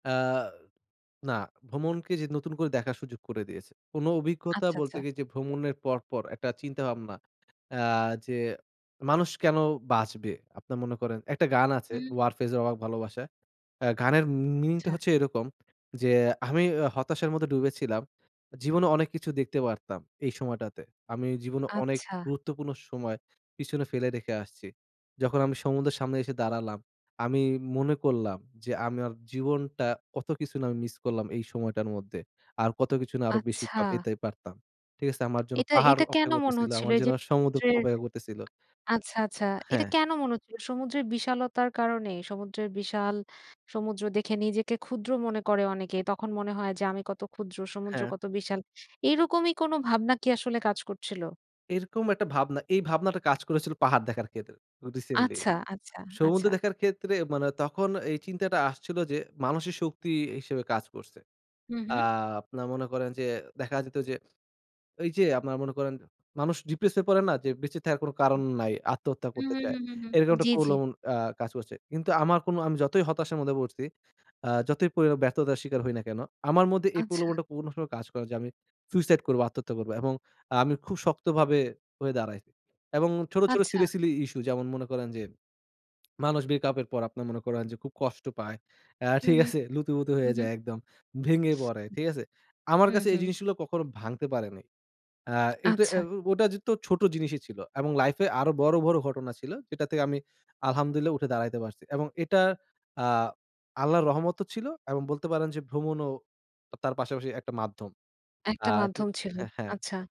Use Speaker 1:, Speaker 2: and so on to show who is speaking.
Speaker 1: আ না, ভ্রমণকে যে নতুন করে দেখার সুযোগ করে দিয়েছে। কোন অভিজ্ঞতা
Speaker 2: আচ্ছা, আচ্ছা।
Speaker 1: বলতে গিয়ে যে ভ্রমণের পর, পর একটা চিন্তাভাবনা আ যে, মানুষ কেন বাঁচবে? আপনারা মনে করেন একটা গান আছে।
Speaker 2: হুম।
Speaker 1: Warfaze এর "অবাক ভালোবাসা।" আ গানের মি meaning টা
Speaker 2: আচ্ছা।
Speaker 1: হচ্ছে এরকম যে, আমি এ হতাশার মধ্যে ডুবেছিলাম। জীবনে অনেক কিছু দেখতে পারতাম এই সময়টাতে, আমি জীবনে অনেক
Speaker 2: আচ্ছা।
Speaker 1: গুরুত্বপূর্ণ সময় পিছনে ফেলে রেখে আসছি। যখন আমি সমুদ্রের সামনে এসে দাঁড়ালাম, আমি মনে করলাম যে আমার জীবনটা কত কিছু না আমি মিস করলাম এই সময়টার মধ্যে। আর কত কিছু না আরো বেশিই বা
Speaker 2: আচ্ছা।
Speaker 1: পেতে পারতাম। ঠিক আছে? আমার জন্য
Speaker 2: এটা
Speaker 1: পাহাড়
Speaker 2: এটা কেন
Speaker 1: অপেক্ষা
Speaker 2: মনে
Speaker 1: করতেছিল,
Speaker 2: হচ্ছিল?
Speaker 1: আমার
Speaker 2: এইযে
Speaker 1: জন্য সমুদ্র
Speaker 2: সমুদ্রের
Speaker 1: অপেক্ষা করতেছিল।
Speaker 2: আচ্ছা, আচ্ছা। এটা
Speaker 1: হ্যা।
Speaker 2: কেন মনে হচ্ছিল? সমুদ্রের বিশালতার কারণে? সমুদ্রের বিশাল সমুদ্র দেখে নিজেকে ক্ষুদ্র মনে করে অনেকে। তখন মনে হয় যে আমি কত ক্ষুদ্র, সমুদ্র
Speaker 1: হ্যা।
Speaker 2: কত বিশাল, এইরকমই কোনো ভাবনা কি আসলে কাজ করছিলো?
Speaker 1: এরকম একটা ভাবনা এই ভাবনাটা কাজ করেছিল পাহাড় দেখার ক্ষেত্রে recently।
Speaker 2: আচ্ছা, আচ্ছা,
Speaker 1: সমুদ্র
Speaker 2: আচ্ছা।
Speaker 1: দেখার ক্ষেত্রে মানে তখন এই চিন্তাটা আসছিল যে মানসিক শক্তি ই হিসেবে কাজ করছে।
Speaker 2: হুম,
Speaker 1: আ
Speaker 2: হুম।
Speaker 1: আপনার মনে করেন যে দেখা যেত যে, এইযে আপনার মনে করেন মানুষ depress হয়ে পড়ে না? যে বেঁচে থাকার কোনো কারণ নাই, আত্মহত্যা
Speaker 2: হু,
Speaker 1: করতে
Speaker 2: হু,
Speaker 1: চায়।
Speaker 2: হু, হু।
Speaker 1: এরকম একটা
Speaker 2: জ্বি, জ্বি।
Speaker 1: প্রলোভন আ কাজ করছে। কিন্তু আমার কোন আমি যতই হতাশার মধ্যে পড়ছি, আ যতই পড়ি ব্যর্থতার শিকার হই না কেন? আমার মধ্যে এই
Speaker 2: আচ্ছা।
Speaker 1: প্রলোভনটা কোন সময় কাজ করে যে, আমি সুইসাইড করবো, আত্মহত্যা করবো এবং আমি খুব শক্তভাবে হয়ে দাঁড়াই এবং ছোট, ছোট
Speaker 2: আচ্ছা।
Speaker 1: silly, silly ই issue যেমন মনে করেন যে, মানুষ break up এর পর আপনার মনে করেন যে খুব কষ্ট পায়, অ্যা
Speaker 2: হু,
Speaker 1: ঠিক
Speaker 2: হু।
Speaker 1: আছে? লুতুপুতু
Speaker 2: হু,
Speaker 1: হয়ে
Speaker 2: হু।
Speaker 1: যায় একদম। ভেঙে পড়ে, ঠিক আছে? আমার
Speaker 2: হুম,
Speaker 1: কাছে এই
Speaker 2: হুম।
Speaker 1: জিনিসগুলো কখনো ভাঙতে পারে নাই। আ এটা এ
Speaker 2: আচ্ছা।
Speaker 1: ও ওটা যে তো ছোট জিনিসই ছিল এবং লাইফে আরো বড়, বড় ঘটনা ছিল, যেটা থেকে আমি الحمد لله উঠে দাঁড়াইতে পারছি। এবং এটা আ আল্লাহর রহমতও ছিল এবং বলতে পারেন যে ভ্রমণও আ তার পাশাপাশি একটা মাধ্যম।
Speaker 2: একটা
Speaker 1: আ ঠি
Speaker 2: মাধ্যম ছিল,
Speaker 1: হ্যা, হ্যা।
Speaker 2: আচ্ছা।